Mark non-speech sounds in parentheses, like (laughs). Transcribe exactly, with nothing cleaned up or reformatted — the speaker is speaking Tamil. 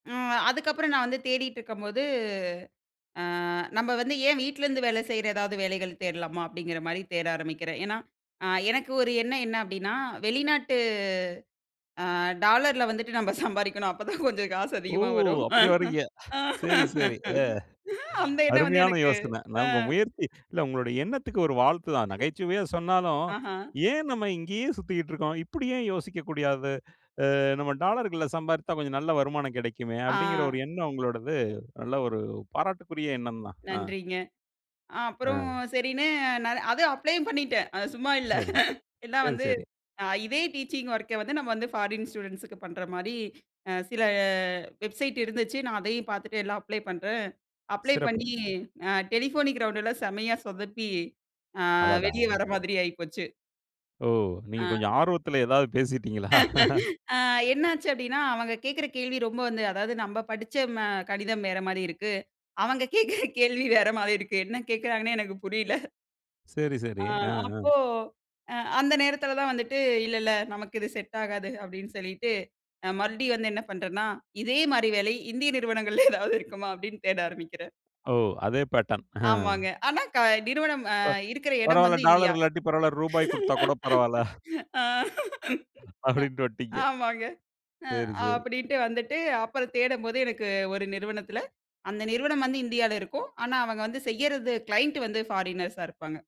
ம். அதுக்கப்புறம் நான் வந்து தேடிட்டுருக்கம்போது, அ நம்ப வந்து ஏன் வீட்லேருந்து வேல செய்ற ஏதாவது வேலைகள் தேடலாமா? அப்டிங்கிற மாரி தேட ஆரம்பிக்கிறேன். ஏன்னா, அ எனக்கு ஒரு எண்ணம் என்ன அப்டின்னா, வெளிநாட்டு அ டாலர்ல வந்துட்டு நம்ம சம்பாரிக்கணும். அப்போதான் கொஞ்சம் காசு ஓ! அதிகமா வரும். அப்டி வரீங்க. சரி, (laughs) சரி. அ. அந்த எண்ணம் வந்து அருமையான எனக்கு யோசன. நான் அ. உங்க முயற்சி இல்ல உங்களுடைய எண்ணத்துக்கு ஒரு வாழ்த்து தான். நகைச்சுவையா (chuckles) சொன்னாலும், ஆஹா, "ஏன் நம்ம இங்கேயே சுத்திக்ட்ருக்கோம்! இப்படி ஏன் யோசிக்கக்கூடியாது, அ நம்ம டாலர்கள்ல சம்பாரித்தா கொஞ்சம் நல்ல வருமானம் கெடைக்குமே!" அப்டிங்குற ஒரு ஆ, எண்ணம் உங்களோடது, நல்ல ஒரு பாராட்டுக்குரிய எண்ணந்தான். ஆ, நன்றிங்க. அ அப்புறம் ஆ. சரின்னு நானு அதும் அப்ளயும் பண்ணிட்டேன். அது சும்மா இல்ல. சரி, சரி. எல்லாம் சரி, வந்து, சரி. அ இதே டீச்சிங் ஒர்க்க வந்து நம்ம வந்து ஃபாரின் ஸ்டூடெண்ட்ஸுக்கு பண்ற மாரி, அ சில வெப்சைட் இருந்துச்சு நான் அதையும் பாத்துட்டு எல்லாம் அப்ளை பண்ணுறேன், அப்ளை பண்ணி சிறப்பு. அ டெலிபோனிக் ரவுண்டுல செம்மையா சொதப்பி அ அடடா! வெளிய வர மாதிரி ஆயிப்போச்சு. ஒஹ்! நீங்க ஆ. கொஞ்சம் ஆர்வத்துல எதாவது பேசிட்டீங்களா? (laughs) அ என்ன ஆச்சு அப்டின்னா, அவுங்க கேக்குற கேள்வி ரொம்ப வந்து அதாவது நம்ப படிச்ச ம கடிதம் வேற மாரி இருக்கு. அவங்க கேக்குற கேள்வி வேற மாரி இருக்கு. என்ன கேக்குறாங்கன்னே எனக்கு புரில. சரி, அ, சரி. ஆ, ஆ. அப்போ, அ அந்த நேரத்தில தான் வந்துட்டு, "இல்ல இல்ல, நமக்கு இது செட் ஆகாது."அப்டின்னு சொல்லிட்டு அ மறுபடியும் வந்து என்ன பண்றேன்ன்னா இதே மாரி வேலை, இந்திய நிறுவனங்கள்ல ஏதாவது இருக்குமா அப்டின்னு தேட ஆரம்பிக்கிறேன். ஒஹ் அதே பேட்டர்ன். ஆமாங்க. ஆனா, க நிறுவனம் அ ப இருக்குற எடம் பரவால்ல, வந்து டாலர் இந்தியா. இல்லாட்டி பரவால்ல. ரூபாய் குடுத்தா கூட பரவால்ல. (chuckles) (laughs) ஆ, அ, அப்டின்ட்டு வந்டீங்க. ஆமாங்க அ சரி, சரி. அப்டின்ட்டு வந்துட்டு, அப்பறம் தேடம்போது எனக்கு ஒரு நிறுவனத்தில, அந்த நிறுவனம் வந்து இந்தியால இருக்கும். ஆனா அவங்க வந்து செய்யறது, கிளையன்ட்டு வந்து ஃபாரினர்ஸா இருப்பாங்க.